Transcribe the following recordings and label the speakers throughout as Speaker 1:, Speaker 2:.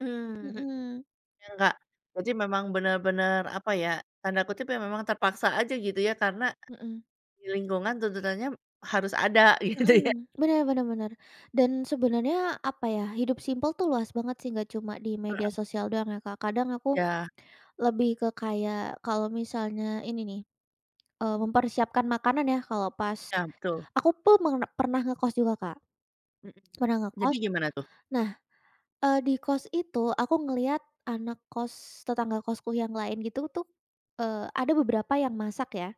Speaker 1: Mhm mhm,
Speaker 2: Mhm.
Speaker 1: biar enggak jadi memang benar-benar apa ya, tanda kutip ya memang terpaksa aja gitu ya, karena
Speaker 2: Mhm.
Speaker 1: di lingkungan tuntutannya harus ada gitu ya.
Speaker 2: Mhm, benar benar benar, dan sebenarnya apa ya, hidup simpel tuh luas banget sih, nggak cuma di media
Speaker 1: Heeh.
Speaker 2: sosial doang ya, Kak. Kadang aku
Speaker 1: Ya.
Speaker 2: lebih ke kayak kalau misalnya ini nih, eee, mempersiapkan makanan ya. Kalau pas
Speaker 1: Ya, betul.
Speaker 2: aku pun per pernah ngekos juga, Kak,
Speaker 1: Mhm,
Speaker 2: pernah
Speaker 1: jadi
Speaker 2: ngekos.
Speaker 1: gimana tuh?
Speaker 2: Nah, eee, di kos itu aku ngelihat anak kos tetangga kosku yang lain gitu tuh, eee, ada beberapa yang masak ya.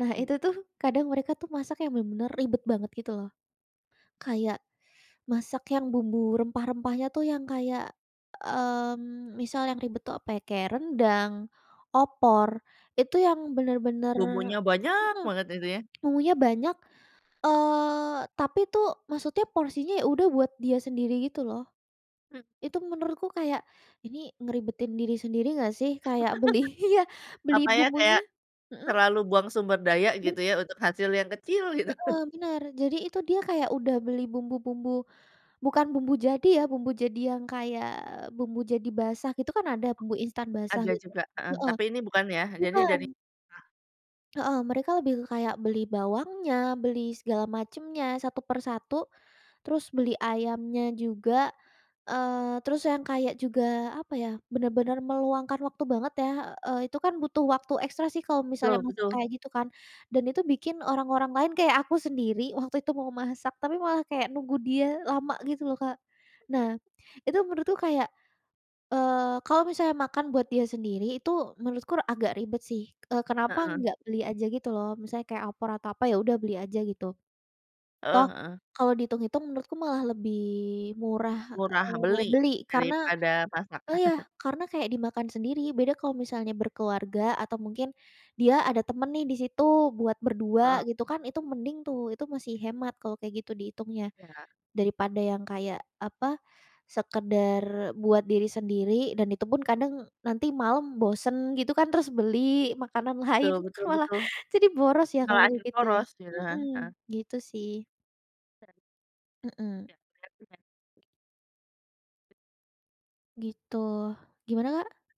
Speaker 2: Nah,
Speaker 1: Mhm.
Speaker 2: itu tuh kadang mereka tuh masak yang benar-benar ribet banget gitu loh. Kayak masak yang bumbu rempah-rempahnya tuh yang kayak, mmm, misal yang ribet tuh apa, kayak rendang, opor, itu yang benar-benar
Speaker 1: Bumbunya banyak
Speaker 2: mhm,
Speaker 1: banget gitu ya?
Speaker 2: bumbunya banyak, eee, tapi tu maksudnya porsinya ya udah buat dia sendiri gitu loh.
Speaker 1: Hmm
Speaker 2: Itu menurutku kayak, ini ngeribetin diri sendiri nggak sih, kayak beli iya, beli
Speaker 1: Apa ya, kayak
Speaker 2: bumbunya mhm.
Speaker 1: terlalu buang sumber daya
Speaker 2: [unintelligible]
Speaker 1: gitu ya untuk hasil yang kecil gitu.
Speaker 2: Heeh, benar. Jadi itu dia kayak udah beli bumbu-bumbu bukan bumbu jadi ya, bumbu jadi yang kayak bumbu jadi basah gitu kan ada bumbu instan basah
Speaker 1: Ada
Speaker 2: gitu
Speaker 1: juga heeh,
Speaker 2: heeh,
Speaker 1: tapi ini bukan ya, jadi
Speaker 2: bukan.
Speaker 1: dari [unintelligible]
Speaker 2: Heeh, mereka lebih ke kayak beli bawangnya, beli segala macemnya, satu per satu, terus beli ayamnya juga, eee, terus yang kayak juga apa ya, benar-benar meluangkan waktu banget ya. Eee, itu kan butuh waktu ekstra sih kalau misalnya
Speaker 1: Betul
Speaker 2: masak
Speaker 1: betul.
Speaker 2: kayak gitu kan. Dan itu bikin orang-orang lain kayak aku sendiri waktu itu mau masak tapi malah kayak nunggu dia lama gitu loh, Kak. Nah, itu menurutku kayak, eee, kalau misalnya makan buat dia sendiri itu menurutku r agak ribet sih. Eee, kenapa
Speaker 1: Heeh.
Speaker 2: nggak beli aja gitu loh, misalnya kayak opor atau apa, ya udah beli aja gitu. Toh,
Speaker 1: Heeh heeh.
Speaker 2: kalau dihitung-hitung menurutku malah lebih murah,
Speaker 1: Murah
Speaker 2: eee,
Speaker 1: beli
Speaker 2: beli karena
Speaker 1: daripada masak.
Speaker 2: oh, ya, karena kayak dimakan sendiri. Beda kalau misalnya berkeluarga atau mungkin dia ada temen nih di situ buat
Speaker 1: Heeh.
Speaker 2: berdua gitu kan, itu mending tuh, itu masih hemat kalau kayak gitu dihitungnya,
Speaker 1: Ya.
Speaker 2: daripada yang kayak apa sekadar buat diri sendiri. Dan itupun kadang nanti malam bosen gitu kan, terus beli makanan lain,
Speaker 1: Betul
Speaker 2: kan
Speaker 1: betul
Speaker 2: malah
Speaker 1: betul.
Speaker 2: jadi boros ya
Speaker 1: Malah
Speaker 2: kalau kayak
Speaker 1: akhir
Speaker 2: gitu ya
Speaker 1: boros gitu kan? Heeh.
Speaker 2: mhm, gitu sih.
Speaker 1: [unintelligible]
Speaker 2: Mhm.
Speaker 1: Ya, bener juga.
Speaker 2: Gitu, gimana, Kak?